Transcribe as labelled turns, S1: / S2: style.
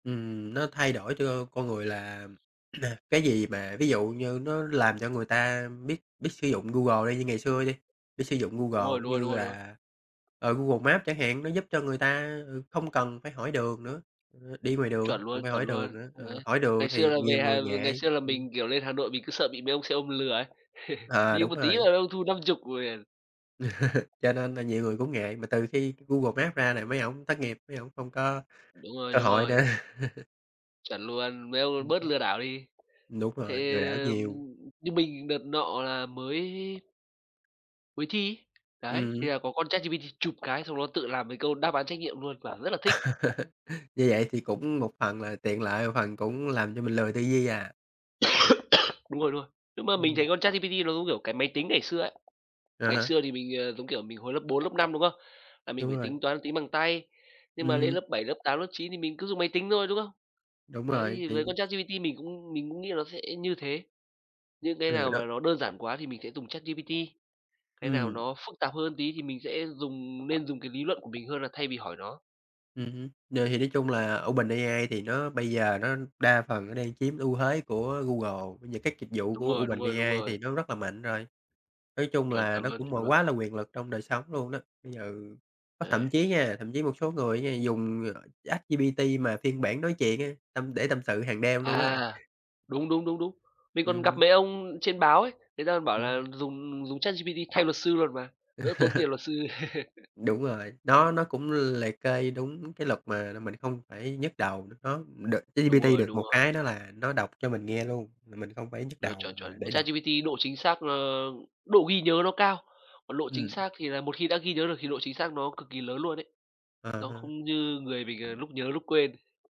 S1: Ừm, nó thay đổi cho con người là, cái gì mà, ví dụ như nó làm cho người ta biết biết sử dụng Google đi, như ngày xưa đi, biết sử dụng
S2: Đúng
S1: Google,
S2: rồi,
S1: giống
S2: đúng rồi, đúng
S1: như
S2: rồi, đúng rồi.
S1: là, ờ, Google Maps chẳng hạn, nó giúp cho người ta, ờ, không cần phải hỏi đường nữa. Ờ, đi ngoài đường hông
S2: Chuẩn
S1: cần
S2: luôn,
S1: phải
S2: chuẩn
S1: hỏi đường
S2: luôn,
S1: nữa,
S2: đấy.
S1: ờ, hỏi đường
S2: Ngày xưa
S1: thì
S2: là,
S1: nhiều
S2: về
S1: người
S2: hài ngày
S1: ngại,
S2: xưa là
S1: ừm.
S2: mình, kiểu, lên Hà Nội, mình cứ sợ bị mấy ông xe ôm lừa ấy,
S1: À,
S2: đi
S1: đúng
S2: một tí là
S1: rồi.
S2: mấy ông thu 50.000 [unintelligible]
S1: Cho nên là nhiều người cũng ngại, mà từ khi Google Maps ra là mấy ổng thất nghiệp, mấy ổng không có
S2: Đúng rồi,
S1: cơ
S2: đúng
S1: hội
S2: rồi.
S1: nữa.
S2: Chuẩn luôn, mấy ông
S1: Ừm
S2: bớt
S1: hứm.
S2: lừa đảo đi.
S1: Đúng
S2: Thế
S1: rồi, lừa đảo nhiều.
S2: như mình đợt nọ là mới mới thi ấy. Đấy
S1: Ừm hứm.
S2: thì là có con ChatGPT chụp cái xong nó tự làm mấy câu đáp án trắc nghiệm luôn, quả rất là thích.
S1: Như vậy thì cũng một phần là tiện lợi, một phần cũng làm cho mình lười tư duy à?
S2: Đúng rồi, đúng rồi. Nhưng mà mình
S1: Ừm.
S2: thấy con ChatGPT nó giống, kiểu, cái máy tính ngày xưa ấy.
S1: À
S2: Ngày
S1: há.
S2: xưa thì mình, ờ, giống kiểu, mình hồi lớp 4, lớp 5, đúng không? Là mình
S1: Đúng
S2: phải
S1: rồi.
S2: tính toán tính bằng tay. Nhưng mà
S1: Ừm
S2: lên
S1: hứm.
S2: lớp 7, lớp 8, lớp 9 thì mình cứ dùng máy tính thôi, đúng không?
S1: Đúng
S2: Đấy,
S1: rồi,
S2: thì với
S1: thì
S2: con ChatGPT mình cũng mình cũng nghĩ là nó sẽ như thế. Những cái
S1: Ừ,
S2: nào mà
S1: đúng.
S2: nó đơn giản quá thì mình sẽ dùng ChatGPT, cái nào
S1: Ừm.
S2: nó phức tạp hơn tí thì mình sẽ dùng, nên dùng cái lý luận của mình hơn là thay vì hỏi nó.
S1: Ừm hứm, rồi, thì nói chung là OpenAI thì nó bây giờ nó đa phần nó đang chiếm ưu thuế của Google, bây giờ các dịch vụ
S2: Đúng
S1: của
S2: rồi, đúng rồi, đúng
S1: OpenAI
S2: rồi.
S1: thì nó rất là mạnh rồi, nói chung
S2: Chuẩn,
S1: là
S2: chuẩn
S1: nó
S2: luôn,
S1: cũng
S2: chuẩn
S1: mà
S2: luôn.
S1: quá là quyền lực trong đời sống luôn đó. Bây giờ có
S2: Đấy.
S1: thậm chí nha, thậm chí một số người á nha, dùng, ờ, ChatGPT mà phiên bản nói chuyện á, tâm để tâm sự hàng đêm luôn á.
S2: À, đúng, đúng, đúng, đúng. Mình
S1: Ừm
S2: còn gặp
S1: hứm.
S2: mấy ông trên báo ấy, người ta còn bảo là
S1: [unintelligible]
S2: dùng dùng ChatGPT thay luật sư luôn mà, đỡ tốn tiền luật sư.
S1: Đúng rồi, nó nó cũng liệt kê đúng cái luật mà là mình không phải nhức đầu, n nó được
S2: Đúng
S1: ChatGPT
S2: rồi,
S1: được
S2: đúng
S1: một
S2: rồi.
S1: cái đó là nó đọc cho mình nghe luôn, mình mình không phải nhức
S2: Chuẩn,
S1: đầu
S2: chuẩn,
S1: mà
S2: chuẩn. Mà
S1: để đọc.
S2: ChatGPT độ chính xác, ờ, độ ghi nhớ nó cao, còn lộ chính
S1: Ừm.
S2: xác thì là một khi đã ghi nhớ được thì độ chính xác nó cực kỳ lớn luôn ấy.
S1: À
S2: Nó
S1: há.
S2: không như người mình, ờ, lúc nhớ lúc quên.